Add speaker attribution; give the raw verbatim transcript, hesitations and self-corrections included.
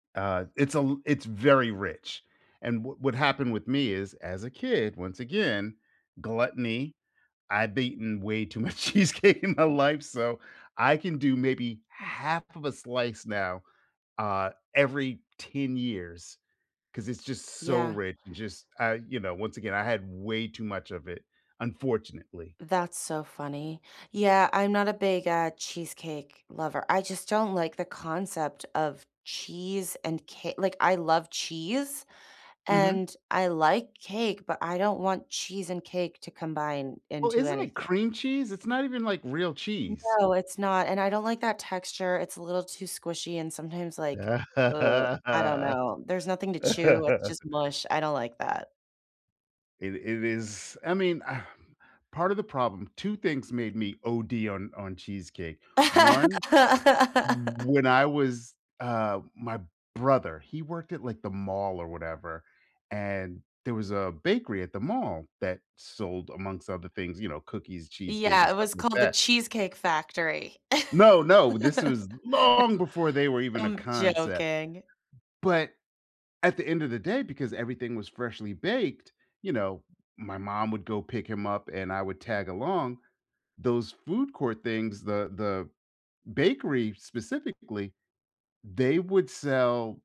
Speaker 1: Uh, it's a it's very rich. And w what happened with me is, as a kid, once again, gluttony. I've eaten way too much cheesecake in my life, so I can do maybe half of a slice now, uh, every ten years, 'cause it's just so
Speaker 2: Yeah.
Speaker 1: rich and just, uh, you know, once again, I had way too much of it, unfortunately.
Speaker 2: That's so funny. Yeah. I'm not a big, uh, cheesecake lover. I just don't like the concept of cheese and ca like, I love cheese
Speaker 1: Mhm.
Speaker 2: and I like cake, but I don't want cheese and cake to combine
Speaker 1: Well,
Speaker 2: into
Speaker 1: isn't it
Speaker 2: anything.
Speaker 1: cream cheese? It's not even, like, real cheese.
Speaker 2: No, it's not. And I don't like that texture, it's a little too squishy and sometimes, like, ugh, I don't know. There's nothing to chew. It's just mush. I don't like that.
Speaker 1: It it is I mean, um, part of the problem two things made me OD on on cheesecake. one, when I was, uh my brother, he worked at, like, the mall or whatever, and there was a bakery at the mall that sold amongst other things, you know, cookies, cheesecake,
Speaker 2: Yeah.
Speaker 1: and
Speaker 2: It
Speaker 1: stuff
Speaker 2: was
Speaker 1: like
Speaker 2: called The
Speaker 1: that
Speaker 2: Cheesecake Factory.
Speaker 1: No. No. This
Speaker 2: No.
Speaker 1: was long before they were even a
Speaker 2: I'm
Speaker 1: concept.
Speaker 2: joking.
Speaker 1: But, at the end of the day, because everything was freshly baked, you know, my mom would go pick him up and I would tag along, those food court things, the the bakery specifically, they would sell